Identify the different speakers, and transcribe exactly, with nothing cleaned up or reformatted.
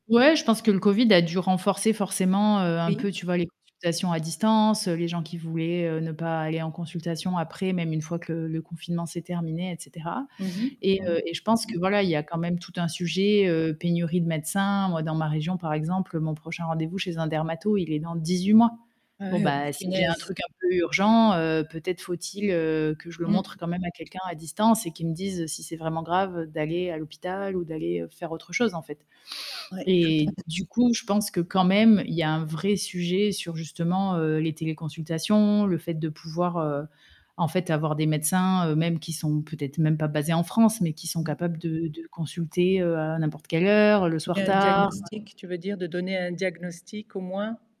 Speaker 1: Ouais, je pense que le covid a dû renforcer forcément, heu, un
Speaker 2: Oui.
Speaker 1: peu, tu vois les consultations à distance, heu, les gens qui voulaient, heu, ne pas aller en consultation après même une fois que le le confinement s'est terminé, et cetera.
Speaker 2: Mmh mh.
Speaker 1: Et
Speaker 2: Mmh mh.
Speaker 1: heu, et je pense que voilà, il y a quand même tout un
Speaker 2: [unintelligible]
Speaker 1: sujet, heu, pénurie de médecins. Moi dans ma région par exemple, mon prochain rendez-vous chez un dermato, il est dans dix-huit mois.
Speaker 2: Ah
Speaker 1: Bon,
Speaker 2: ouais, oh
Speaker 1: bah, si j'ai un
Speaker 2: punaise.
Speaker 1: truc un peu urgent, heu, peut-être faut-il, heu, que je le
Speaker 2: Mmh.
Speaker 1: montre quand même à quelqu'un à distance et qu'il me dise si c'est vraiment grave d'aller à l'hôpital ou d'aller faire autre chose en fait.
Speaker 2: Ouais, tout à
Speaker 1: Et
Speaker 2: fait.
Speaker 1: du coup, je pense que quand même, y a un vrai sujet sur justement, heu, les téléconsultations, le fait de pouvoir, heu, en fait, avoir des médecins, heu, même qui sont peut-être même pas basés en France, mais qui sont
Speaker 2: Mmh
Speaker 1: capables
Speaker 2: mh.
Speaker 1: de de consulter, heu, à n'importe quelle heure, le
Speaker 2: Et
Speaker 1: soir
Speaker 2: un
Speaker 1: tard heu
Speaker 2: diagnostic, tu veux dire de donner un diagnostic, au moins?